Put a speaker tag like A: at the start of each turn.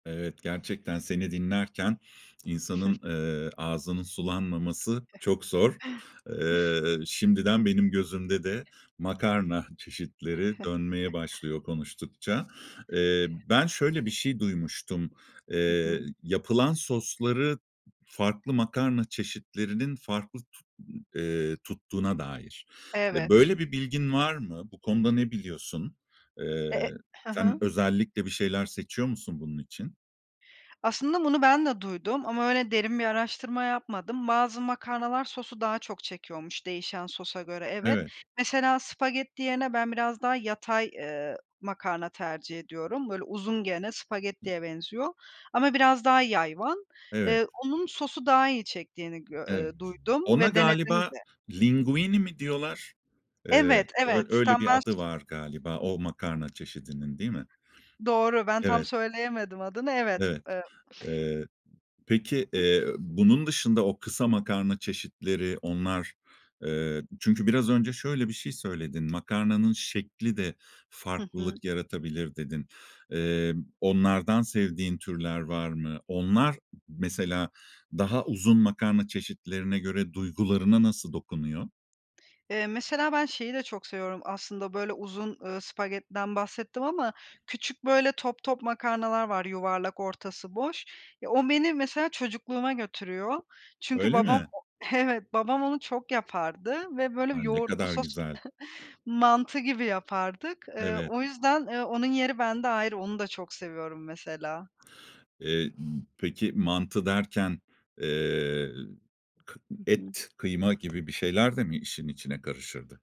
A: Evet, gerçekten seni dinlerken insanın, eee, ağzının sulanmaması çok zor. Eee, şimdiden benim gözümde de makarna çeşitleri dönmeye başlıyor konuştukça. Eee, ben şöyle bir şey duymuştum,
B: Hı
A: eee,
B: hı.
A: yapılan sosları farklı makarna çeşitlerinin farklı tut eee, tuttuğuna dair. E,
B: Evet.
A: böyle bir bilgin var mı? Bu konuda ne biliyorsun? Eee,
B: Eee hı
A: sen
B: hı.
A: özellikle bir şeyler seçiyor musun bunun için?
B: Aslında bunu ben de duydum ama öyle derin bir araştırma yapmadım. Bazı makarnalar sosu daha çok çekiyormuş değişen sosa göre, evet.
A: Evet.
B: Mesela spagetti yerine ben biraz daha yatay, eee, makarna tercih ediyorum. Böyle uzun gene, spagettiye benziyor ama biraz daha yayvan.
A: Evet.
B: Eee, onun sosu daha iyi çektiğini gö
A: Evet.
B: eee, duydum
A: Ona
B: ve denedim
A: galiba
B: de.
A: linguine mi diyorlar? Eee
B: Evet, evet,
A: öy öyle bir adı
B: [unintelligible]
A: var galiba o makarna çeşidinin değil mi?
B: Doğru, ben tam
A: Evet.
B: söyleyemedim adını, evet,
A: Evet.
B: eee
A: Eee, peki, eee, bunun dışında o kısa makarna çeşitleri, onlar, eee, çünkü biraz önce şöyle bir şey söyledin, "Makarnanın şeklide
B: Hı hı.
A: farklılık yaratabilir." dedin. Eee, onlardan sevdiğin türler var mı? Onlar mesela daha uzun makarna çeşitlerine göre duygularına nasıl dokunuyor?
B: Eee, mesela ben şeyi de çok seviyorum aslında, böyle uzun, eee, spagettiden bahsettim ama küçük böyle top top makarnalar var, yuvarlak, ortası boş. Ya, o beni mesela çocukluğuma götürüyor. Çünkü
A: Öyle
B: babam
A: mi?
B: Evet, babam onu çok yapardı ve böyle
A: Ay! Ne
B: yoğurtlu
A: kadar
B: sos
A: güzel.
B: Mantı gibi yapardık. Eee,
A: Evet.
B: o yüzden, eee, onun yeri bende ayrı. Onu da çok seviyorum, mesela.
A: Eee, ımm, peki, mantı derken, eee, kı
B: Hı hı.
A: et, kıyma gibi bir şeyler de mi işin içine karışırdı?